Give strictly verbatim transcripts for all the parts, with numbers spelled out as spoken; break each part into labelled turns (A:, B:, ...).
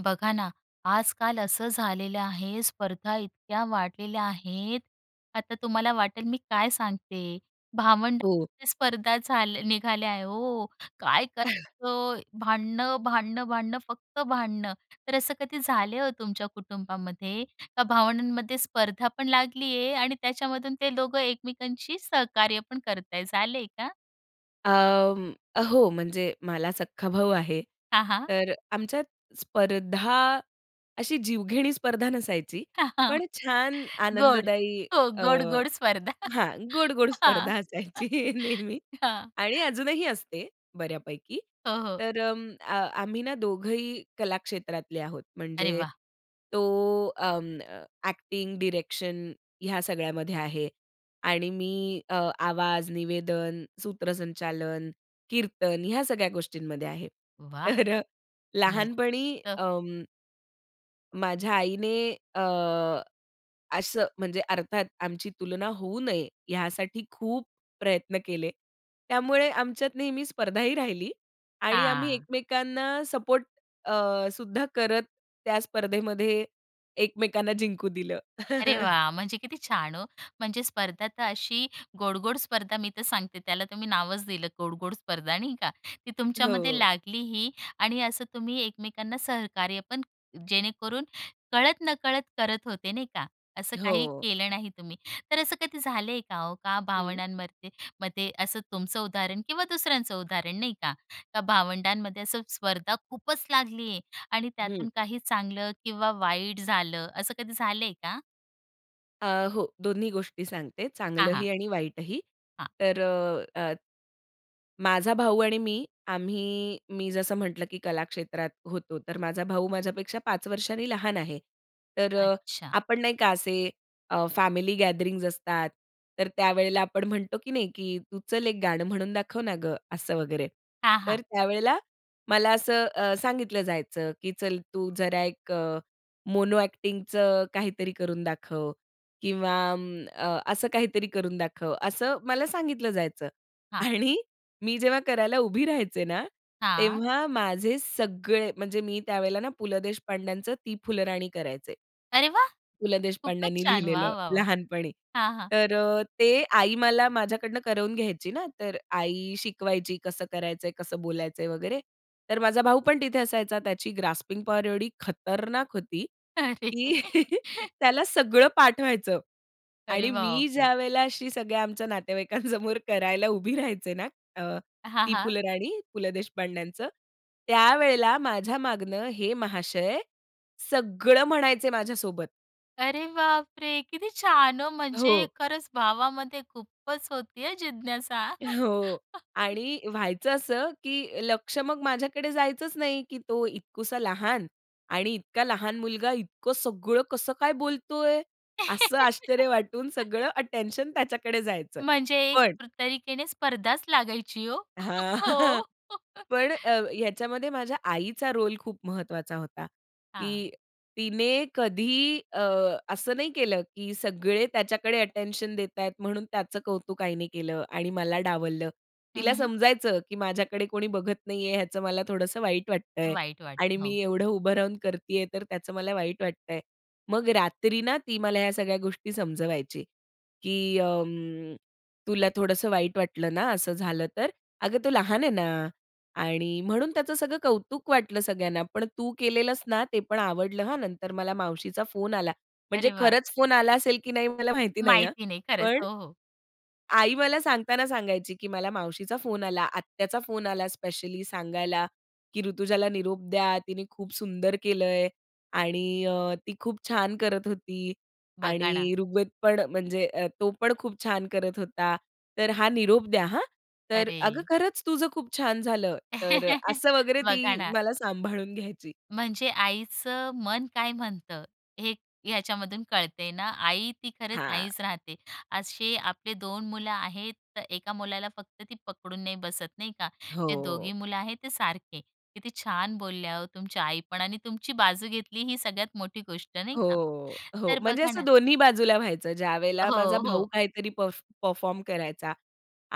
A: बघा ना, आजकाल असं झालेलं आहे, स्पर्धा इतक्या वाढलेल्या आहेत, आता तुम्हाला वाटेल मी काय सांगते,
B: हो.
A: भावंडात स्पर्धा झाल्या अ, निघाल्या आहे हो. काय अ, करायचं भांडणं, भांडणं, भांडणं फक्त भांडणं. तर असं कधी झाले हो तुमच्या कुटुंबामध्ये का भावंडांमध्ये स्पर्धा पण लागली आहे आणि त्याच्यामधून ते दोघं एकमेकांशी सहकार्य पण करताय, झालं आहे का?
B: अं, हो म्हणजे मला सख्खा भाऊ आहे.
A: हां, हां.
B: तर आमच्यात स्पर्धा अशी जीवघेणी स्पर्धा नसायची. पण छान
A: गोड.
B: आनंददायी
A: हो
B: अ,
A: गोड-गोड स्पर्धा.
B: हां गोड-गोड
A: हां.
B: स्पर्धा असायची नेहमी
A: हां.
B: आणि अजूनही असते बऱ्यापैकी.
A: हो, हो.
B: तर अ, आम्ही ना दोघंही कला क्षेत्रातले आहोत.
A: अरे
B: म्हणजे
A: वाह!
B: तो अं, अ, ॲक्टिंग, डायरेक्शन ह्या सगळ्यामध्ये आहे आणि मी अ, आवाज, निवेदन, सूत्रसंचालन, कीर्तन ह्या सगळ्या गोष्टींमध्ये आहे.
A: वाह!
B: तर लहानपणी
A: मस्त.
B: अं माझ्या आईने अ, असं म्हणजे अर्थात आमची तुलना होऊ नये, यासाठी खूप प्रयत्न केले. त्यामुळे आमच्यात नेहमी स्पर्धाही राहिली आणि आम्ही
A: हां.
B: एकमेकांना सपोर्ट अ, सुद्धा करत त्या स्पर्धेमध्ये एकमेकांना जिंकू दिलं.
A: अरे वाह! म्हणजे किती छान हो. म्हणजे स्पर्धा तर अशी गोड-गोड स्पर्धा मी तर सांगते, त्याला तुम्ही नावच दिलं गोड-गोड स्पर्धा, नाही का. ती तुमच्यामध्ये
B: हो.
A: लागलीही आणि असं तुम्ही एकमेकांना सहकार्य पण जेणेकरून कळत नकळत करत होते, नाही का. असं काही
B: हो.
A: केलं नाही तुम्ही. तर असं कधी झालंय का हो का
B: हं.
A: भावंडांमरते मध्ये असं तुमचं उदाहरण किंवा दुसऱ्यांचं उदाहरण नाही का, का भावंडांमध्ये असं स्पर्धा खूपच लागली आहे आणि
B: हं.
A: त्यातून काही चांगलं किंवा वाईट झालं असं कधी झालंय का?
B: अ, हो. दोन्ही गोष्टी सांगते,
A: हां, हां.
B: चांगलंही आणि वाईटही.
A: हां.
B: तर अ, अ, माझा भाऊ आणि मी आम्ही मी जसं म्हटलं, की कला क्षेत्रात होतो. तर माझा भाऊ माझ्यापेक्षा पाच वर्षांनी लहान आहे. तर अ,
A: अच्छा.
B: आपण नाही का असे अ, फॅमिली गॅदरिंग्ज असतात, तर त्यावेळेला आपण म्हणतो की नाही, की "तू चल एक गाणं म्हणून दाखव ना गं." असं वगैरे.
A: हां, हां.
B: तर त्यावेळेला मला असं अ, सांगितलं जायचं, की "चल तू जरा एक अ, मोनो अ‍ॅक्टिंगचं काहीतरी करून दाखव. किंवा अ, असं काहीतरी करून दाखव." असं मला सांगितलं जायचं
A: हां.
B: आणि मी जेव्हा करायला उभी राहायचे ना,
A: हां.
B: तेव्हा माझे सगळे म्हणजे मी त्यावेळेला ना पु. ल. देशपांड्यांचं ती फुलराणी करायचे.
A: अरे वाह!
B: पु. ल.
A: खूपच
B: देशपांड्यांनी
A: छान.
B: लिहिलेलं
A: वाह, वाह, वाह!
B: लहानपणी.
A: हां, हां.
B: तर अ ते आई मला माझ्याकडून करवून घ्यायची ना. तर आई शिकवायची कसं करायचंय, कसं बोलायचंय वगैरे. तर माझा भाऊ पण तिथे असायचा. त्याची ग्रास्पिंग पॉवर एवढी खतरनाक होती,
A: अरे!
B: की त्याला सगळं पाठ व्हायचं आणि
A: अरे बाप
B: मी
A: रे!
B: ज्यावेळेला अशी सगळ्या आमच्या नातेवाईकांसमोर करायला उभी राहायचे ना, अ,
A: हां,
B: ती
A: हां.
B: फुलराणी, पु. ल. देशपांड्यांचं. त्यावेळेला माझ्या मागून हे महाशय सगळं म्हणायचे माझ्यासोबत.
A: अरे बाप रे! किती छान हो. म्हणजे
B: हो.
A: खरंच भावामध्ये खूपच होती हां, जिज्ञासा.
B: हो. आणि व्हायचं असं, की लक्ष मग माझ्याकडे जायचंच नाही, की तो इतकुसा लहान आणि इतका लहान मुलगा इतकं सगळं कसं काय बोलतोय? असं आश्चर्य वाटून, सगळं अटेन्शन त्याच्याकडे जायचं.
A: म्हणजे
B: पण
A: एक तरीकेने स्पर्धाच लागायची ओ.
B: हां.
A: हो.
B: पण अ, ह्या ह्याच्यामध्ये माझ्या आईचा रोल खूप महत्वाचा होता. की
A: हां.
B: तिने कधी अ, असं नाही केलं, की सगळे त्याच्याकडे अटेन्शन देताहेत, म्हणून त्याचं कौतुक आईने केलं आणि मला डावललं.
A: हं,
B: तिला
A: हं.
B: समजायचं, की माझ्याकडे कोणी बघत नाहीये, याचं मला थोडंसं वाईट वाटतंय.
A: वाईट
B: आणि
A: वाटतं.
B: मी
A: हो.
B: एवढं उभं राहून करतीये, तर त्याचं मला वाईट वाटतंय. मग रात्री ना ती मला ह्या सगळ्या गोष्टी समजवायची, की अं, "तुला थोडंसं वाईट वाटलं ना, असं झालं तर. अगं तो लहान आहे ना आणि म्हणून त्याचं सगळं कौतुक वाटलं सगळ्यांना. पण तू केलेलस ना, ते पण आवडलं हां, नंतर मला मावशीचा फोन आला." म्हणजे
A: अरे वाह!
B: खरंच फोन आला असेल की नाही, मला माहिती नाही हां,
A: माहिती नाही. खरंच.
B: पण
A: हो, हो.
B: आई मला सांगताना सांगायची, की "मला मावशीचा फोन आला, आत्याचा फोन आला स्पेशली सांगायला, की "ऋतुजाला निरोप द्या, तिने खूप सुंदर केलंय आणि अ, ती खूप छान करत होती
A: बघा ना.
B: आणि ऋग्वेद पण, म्हणजे तो पण खूप छान करत होता. तर हा निरोप द्या हां." तर अगं
A: अरे!
B: खरंच तुझं खूप छान झालं." तर अ, असं वगैरे
A: बघा
B: ती
A: ना.
B: मला सांभाळून घ्यायची.
A: म्हणजे आईचं मन काय म्हणतं, हे ह्याच्यामधून कळतंय ना? आई ती खरंच
B: हां.
A: आईच राहते. असे आपले दोन मुलं आहेत. तर एका मुलाला फक्त ती पकडून नाही बसत, नाही का. जे
B: हो.
A: दोघी मुलं आहेत, ते सारखे. किती छान बोलल्या हो तुमच्या आईपण आणि तुमची बाजू घेतली, ही सगळ्यात मोठी गोष्ट नाही का.
B: हो, हो.
A: तर
B: म्हणजे
A: बघा ना
B: असं दोन्ही बाजूला व्हायचं. ज्यावेळेला माझा
A: हो,
B: भाऊ
A: हो.
B: काहीतरी परफॉ परफॉर्म करायचा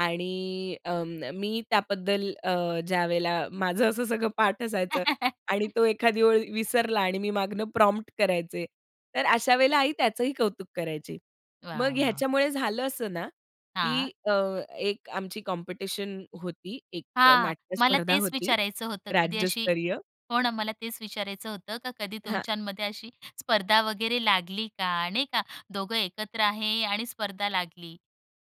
B: आणि अ, मी त्याबद्दल अ, ज्यावेळेला माझं असं सगळं पाठ असायचं आणि तो एखादी ओळ विसरला, आणि मी मागनं प्रॉम्प्ट करायचे, तर अशा वेळेला आई त्याचंही कौतुक करायची. मग
A: वाह, वाह!
B: ह्याच्यामुळे झालं असं ना,
A: हां.
B: की अ, एक आमची कॉम्पिटिशन होती, एक
A: हां.
B: नाट्य
A: मला
B: स्पर्धा
A: तेच
B: होती
A: विचारायचं होतं, कधी अशी
B: राज्यस्तरीय.
A: हो ना, मला तेच विचारायचं होतं का कधी
B: हां.
A: तुमच्यांमध्ये अशी स्पर्धा वगैरे लागली का? नाही का, दोघं एकत्र आहे, आणि स्पर्धा लागली?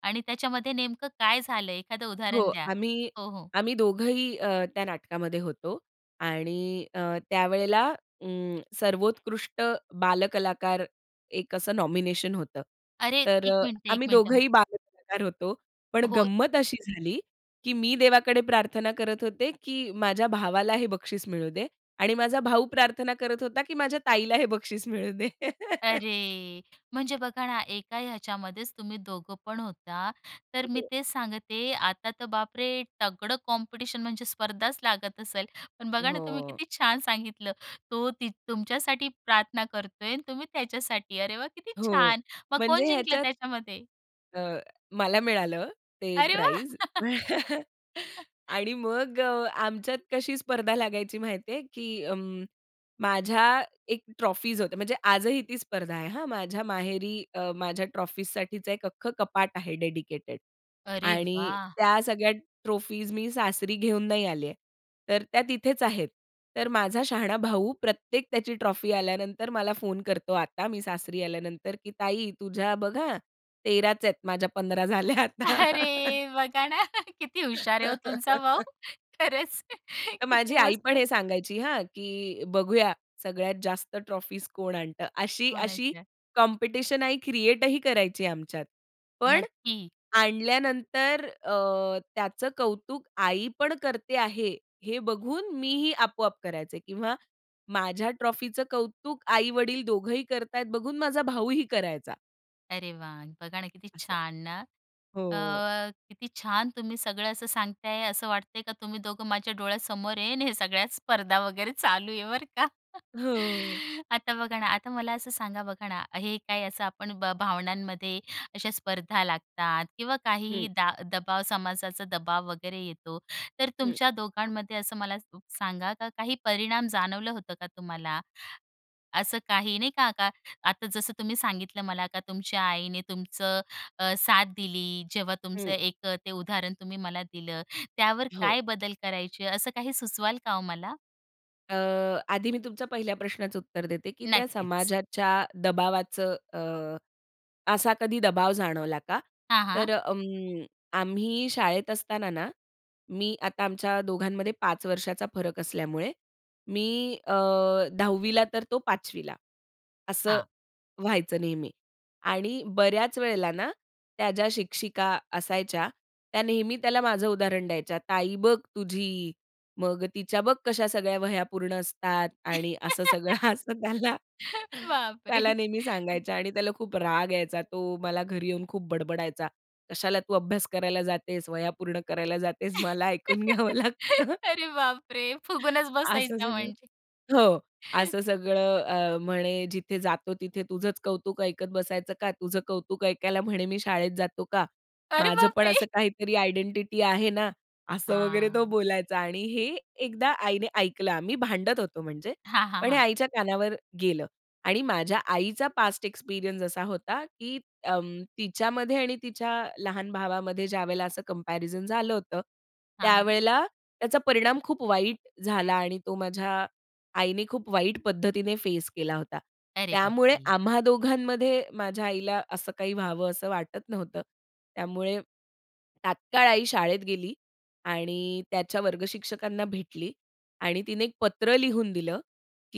A: आणि त्याच्यामध्ये नेमकं काय झालं? एखादं
B: हो.
A: उदाहरण द्या.
B: आम्ही
A: हो, हो.
B: आम्ही दोघंही अ, त्या नाटकामध्ये होतो आणि अ, त्यावेळेला अ, सर्वोत्कृष्ट बालकलाकार, एक असं नॉमिनेशन होतं.
A: अरे!
B: तर
A: एक
B: अ,
A: मिनिटं, एक
B: आम्ही
A: मिनिटं.
B: दोघंही बालकलाकार होतो. पण
A: हो.
B: गंमत अशी झाली, की मी देवाकडे प्रार्थना करत होते, की माझ्या भावाला हे बक्षीस मिळू दे आणि माझा भाऊ प्रार्थना करत होता, की माझ्या ताईला हे बक्षीस मिळू दे.
A: अरे! म्हणजे बघा ना, एका याच्यामध्येच तुम्ही दोघं पण होता. तर मी
B: हो.
A: तेच सांगते, आता तर, बाप रे! तगडं कॉम्पिटिशन म्हणजे स्पर्धाच लागत असेल. पण बघा ना, तुम्ही
B: हो.
A: किती छान सांगितलं. तो तीथं तुमच्यासाठी प्रार्थना करतोय आणि तुम्ही त्याच्यासाठी. अरे वा! किती
B: हो.
A: छान. मग
B: म्हणजे
A: कोण जिंकलं
B: ह्याच्यात
A: त्याच्यामध्ये?
B: अ, मला मिळालं ते
A: अरे वाह!
B: प्राइझ. आणि मग अ, आमच्यात कशी स्पर्धा लागायची माहिती आहे, की अं, माझ्या एक ट्रॉफीज होते. म्हणजे आजही ती स्पर्धा आहे, हां. माझ्या माहेरी अ, माझ्या ट्रॉफीजसाठीच एक अख्खं कपाट आहे डेडिकेटेड.
A: अरे
B: आणि
A: वाह!
B: त्या सगळ्या ट्रॉफीज मी सासरी घेऊन नाही आलीये. तर त्या तिथेच आहेत. तर माझा शहाणा भाऊ प्रत्येक त्याची ट्रॉफी आल्यानंतर मला फोन करतो, आता मी सासरी आल्यानंतर, की "ताई तुझ्या बघ हां, तेरा च आहेत, माझ्या पंधरा झाल्या आता."
A: अरे! बघा ना. किती हुशार आहे हो तुमचा भाऊ. खरंच
B: तर माझी
A: किती
B: आई पण
A: मस्त.
B: हे सांगायची हां, की "बघूया सगळ्यात जास्त ट्रॉफीज कोण आणतं." अशी अशी
A: कोणाच्या?
B: कॉम्पिटिशन आई क्रिएट ही करायची आमच्यात. पण
A: नक्की.
B: आणल्यानंतर अ, त्याचं कौतुक आई पण करते आहे, हे बघून मीही आपोआप करायचे किंवा माझ्या ट्रॉफीचं कौतुक आई-वडील दोघंही करताहेत बघून, माझा भाऊही करायचा.
A: अरे वाह! बघा ना किती
B: असं.
A: छान ना.
B: हो.
A: अ, किती छान तुम्ही सगळं असं सांगताय, असं वाटतंय का तुम्ही दोघं माझ्या डोळ्यासमोर आहे ना, हे सगळ्या स्पर्धा वगैरे चालू आहे, बरं का.
B: हो.
A: आता बघा ना, आता मला असं सांगा बघा ना, हे काही असं आपण भ भावंडांमध्ये अशा स्पर्धा लागतात किंवा
B: हं.
A: काही दा दबाव समाजाचा दबाव वगैरे येतो, तर
B: हं.
A: तुमच्या दोघांमध्ये असं, मला स सांगा का काही परिणाम जाणवलं होतं का तुम्हाला? असं काही नाही का, का आता जसं तुम्ही सांगितलं मला, का तुमच्या आईने तुमचं अ, साथ दिली, जेव्हा तुमचं
B: हं.
A: एक अ, ते उदाहरण तुम्ही मला दिलं, त्यावर
B: हो.
A: काय बदल करायचे, असं काही सुचवाल का हो मला?
B: अ, आधी मी तुमच्या पहिल्या प्रश्नाचं उत्तर देते, की त्या
A: नक्कीच.
B: समाजाच्या दबावाचं अ, असा कधी दबाव जाणवला का?
A: हां, हां.
B: तर उम्म, आम्ही शाळेत असताना ना, मी आता आमच्या दोघांमध्ये पाच वर्षाचा फरक असल्यामुळे मी अ, दहावी ला तर तो पाचवी ला, असं
A: हां.
B: व्हायचं नेहमी आणि बऱ्याच वेळेला ना, त्या ज्या शिक्षिका असायच्या, त्या नेहमी त्याला माझं उदाहरण द्यायच्या, "ताई बघ तुझी, मग तिच्या बघ कशा सगळ्या वह्या पूर्ण असतात." आणि असं सगळं असं त्याला
A: बाप रे!
B: त्याला नेहमी सांगायच्या आणि त्याला खूप राग यायचा. तो मला घरी येऊन खूप बडबडायचा, "कशाला तू अभ्यास करायला जातेस, वह्या पूर्ण करायला जातेस? मला ऐकून घ्यावं लागतं.
A: अरे बाप रे! फुगूनच
B: असं
A: बसायचा
B: सगळं.
A: म्हणजे.
B: हो. असं सगळं अ, म्हणे, "जिथे जातो, तिथे तुझंच कौतुक ऐकत बसायचं का? तुझं कौतुक ऐकायला म्हणे मी शाळेत जातो का?
A: अरे
B: माझं
A: बाप
B: पण
A: रे!
B: असं काहीतरी आयडेंटिटी आहे ना." असं वगैरे तो
A: हां.
B: बोलायचा आणि हे एकदा आईने ऐकलं आम्ही भांडत होतो म्हणजे,
A: हां, हां,
B: पण हे
A: हां.
B: आईच्या कानावर गेलं आणि माझ्या आईचा पास्ट एक्सपिरियन्स असा होता, की अं, तिच्यामध्ये आणि तिच्या लहान भावामध्ये ज्यावेळेला असं कम्पॅरिझन झालं होतं,
A: हां.
B: त्यावेळेला त्याचा परिणाम खूप वाईट झाला आणि तो माझ्या आईने खूप वाईट पद्धतीने फेस केला होता.
A: अरे बाप
B: त्यामुळे
A: रे!
B: आम्हा दोघांमध्ये माझ्या आईला असं काही व्हावं असं वाटत नव्हतं. त्यामुळे तात्काळ आई शाळेत गेली आणि त्याच्या वर्ग शिक्षकांना भेटली आणि तिने एक पत्र लिहून दिलं,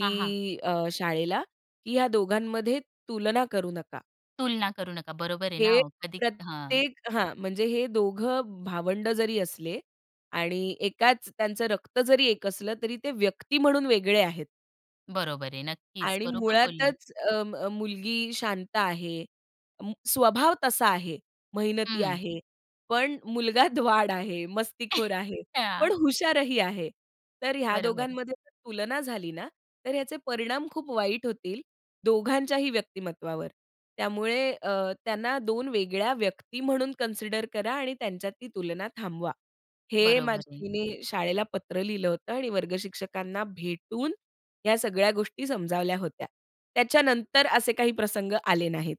A: हां, हां.
B: अ, शाळेला, की ह्या दोघांमध्ये तुलना करू नका.
A: तुलना करू नका. बरोबर आहे ना
B: हे
A: हो. कधी हां.
B: प्रत्येक हां, म्हणजे हे दोघं भावंड जरी असले आणि एकाच त्यांचं रक्त जरी एक असलं, तरी ते व्यक्ती म्हणून वेगळे आहेत.
A: बरोबर आहे. नक्कीच.
B: आणि
A: बरोबर बोलले.
B: मुळातच अ, म मुलगी शांत आहे. म स्वभाव तसा आहे. मेहनती
A: हं.
B: आहे. पण मुलगा द्वाड आहे, मस्तीखोर आहे, पण
A: हां.
B: हुशारही आहे. तर ह्या
A: बरोबर आहे.
B: दोघांमध्ये जर तुलना झाली ना, तर याचे परिणाम खूप वाईट होतील, दोघांच्याही व्यक्तिमत्त्वावर. त्यामुळे अ, त्यांना दोन वेगळ्या व्यक्ती म्हणून कन्सिडर करा आणि त्यांच्यातली तुलना थांबवा. हे
A: बरोबर
B: माझ्या
A: आहे.
B: आईने शाळेला पत्र लिहिलं होतं आणि वर्गशिक्षकांना भेटून, ह्या सगळ्या गोष्टी समजावल्या होत्या. त्याच्यानंतर असे काही प्रसंग आले नाहीत.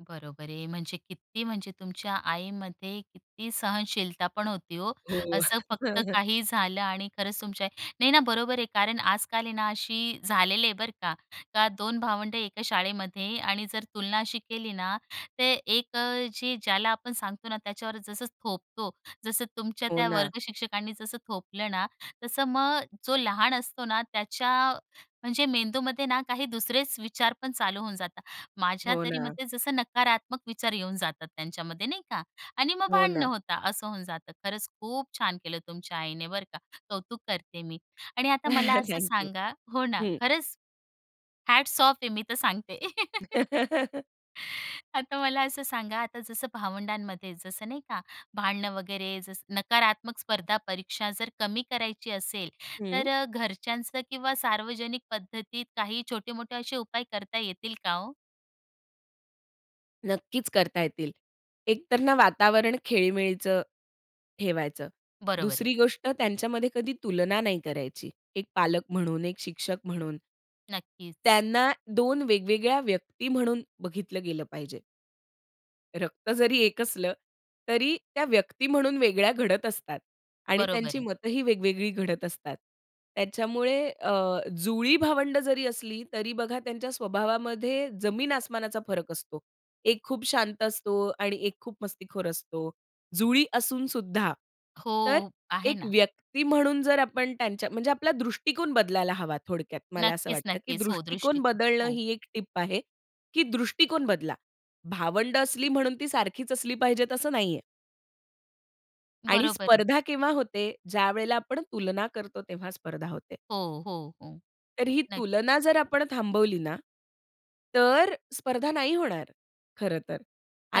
A: बरोबर आहे. म्हणजे किती म्हणजे तुमच्या आईमध्ये किती सहनशीलता पण होती हो.
B: हो.
A: असं फक्त काही झालं आणि खरंच तुमच्या नाही ना बरोबर आहे. कारण आज-काल आहे ना अशी झालेली आहे बरं का. का दोन भावंडं एका शाळेमध्ये आणि जर तुलना अशी केली ना, तर एक अ, जे ज्याला आपण सांगतो ना त्याच्यावर जसं थोपतो. जसं तुमच्या
B: हो
A: त्या
B: ना.
A: वर्गशिक्षकांनी जसं थोपलं ना. तसं मग जो लहान असतो ना त्याच्या, म्हणजे मेंदूमध्ये ना काही दुसरेच विचार पण चालू होऊन जातात. माझ्या
B: हो
A: तरी
B: ना.
A: मते जसं नकारात्मक विचार येऊन जातात त्यांच्यामध्ये नाही का? आणि मग
B: हो
A: भांडणं
B: ना.
A: होता, असं होऊन जातं. खरंच खूप छान केलं तुमच्या आईने बरं का. कौतुक करते मी. आणि आता मला असं
B: थँक यू.
A: सांगा हो ना,
B: हं.
A: खरंच हॅट्स ऑफ आहे मी तर सांगते. आता मला असं सांगा आता जसं भावंडांमध्ये जसं नाही का? भांडणं वगैरे जसं नकारात्मक स्पर्धा परीक्षा जर कमी करायची असेल, तर
B: हं.
A: अ, घरच्यांचं किंवा सार्वजनिक पद्धतीत काही छोटे-मोठे असे उपाय करता येतील का हो?
B: नक्कीच करता येतील. एकतर ना वातावरण खेळीमेळीचं ठेवायचं,
A: बरोबर आहे.
B: दुसरी गोष्ट त्यांच्यामध्ये कधी तुलना नाही करायची. एक पालक म्हणून, एक शिक्षक म्हणून.
A: नक्कीच.
B: त्यांना दोन वेगवेगळ्या व्यक्ती म्हणून बघितलं गेलं पाहिजे. रक्त जरी एक असलं, तरी त्या व्यक्ती म्हणून वेगळ्या घडत असतात आणि
A: बरोबर
B: त्यांची
A: आहे.
B: मतंही वेगवेगळी घडत असतात. त्याच्यामुळे अ, जुळी भावंड जरी असली, तरी बघा त्यांच्या स्वभावामध्ये जमीन-आसमानाचा फरक असतो. एक खूप शांत असतो आणि एक खूप मस्तीखोर असतो, जुळी असून सुद्धा. तर
A: हो, आहे
B: एक
A: ना.
B: व्यक्ती म्हणून जर आपण त्यांच्या, म्हणजे आपला दृष्टिकोन बदलायला हवा. थोडक्यात मला असं
A: नक्कीच,
B: वाटतं, की
A: नक्कीच. हो,
B: दृष्टिकोन
A: दृष्टिकोन
B: बदलणं
A: हो.
B: ही एक टिप आहे. की दृष्टिकोन बदला. भावंड असली म्हणून ती सारखीच असली पाहिजे, असं नाहीये. आणि
A: बरोबर आहे.
B: स्पर्धा केव्हा होते? ज्यावेळेला आपण तुलना करतो, तेव्हा स्पर्धा होते.
A: हो, हो, हो,
B: तर ही
A: नक्कीच.
B: तुलना जर आपण थांबवली ना, तर स्पर्धा नाही होणार खरं तर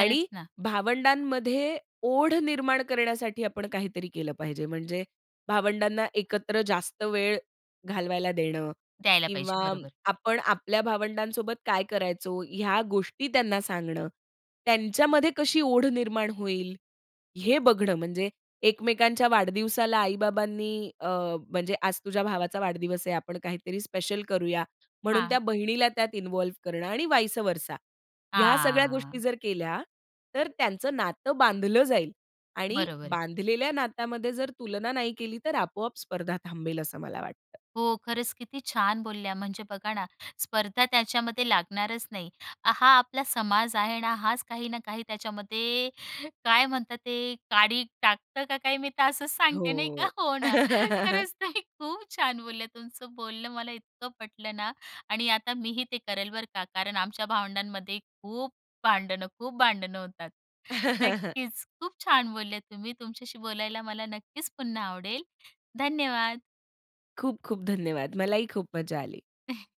B: आणि
A: ना.
B: भावंडांमध्ये ओढ निर्माण करण्यासाठी आपण काहीतरी केलं पाहिजे. म्हणजे भावंडांना एकत्र जास्त वेळ घालवायला देणं
A: द्यायला पाहिजे,
B: किंवा
A: बरोबर.
B: आपण आपल्या भावंडांसोबत काय करायचो, ह्या गोष्टी त्यांना सांगणं. त्यांच्यामध्ये कशी ओढ निर्माण होईल, हे बघणं म्हणजे एकमेकांच्या वाढदिवसाला आई-बाबांनी अ, म्हणजे आज तुझ्या भावाचा वाढदिवस आहे, आपण काहीतरी स्पेशल करूया, म्हणून
A: हां.
B: त्या बहिणीला त्यात इन्व्हॉल्व करणं आणि वाइसअव्हरसा ह्या सगळ्या गोष्टी
A: हां.
B: जर केल्या, तर त्यांचं नातं बांधलं जाईल आणि
A: बरोबर आहे.
B: बांधलेल्या नातामध्ये जर तुलना नाही केली, तर आपोआप स्पर्धा थांबेल, असं मला वाटतं.
A: हो, खरंच किती छान बोलल्या. म्हणजे बघा ना, स्पर्धा त्याच्यामध्ये लागणारच नाही. हा आपला समाज आहे ना, हाच काही ना काही त्याच्यामध्ये काय म्हणतात ते काडी टाकतं का काय, मी तर असंच सांगते नाही का?
B: हो.
A: हो ना. खरंच तुम्ही खूप छान बोलल्या. तुमचं बोलणं मला इतकं पटलं ना आणि आता मी ही ते करलं बरं का, कारण आमच्या भावंडांमध्ये खूप भांडणं, खूप भांडणं होतात. नक्कीच, खूप छान बोलल्या तुम्ही. तुमच्याशी बोलायला मला नक्कीच पुन्हा आवडेल. धन्यवाद.
B: खूप-खूप धन्यवाद. मलाही खूप मजा आली.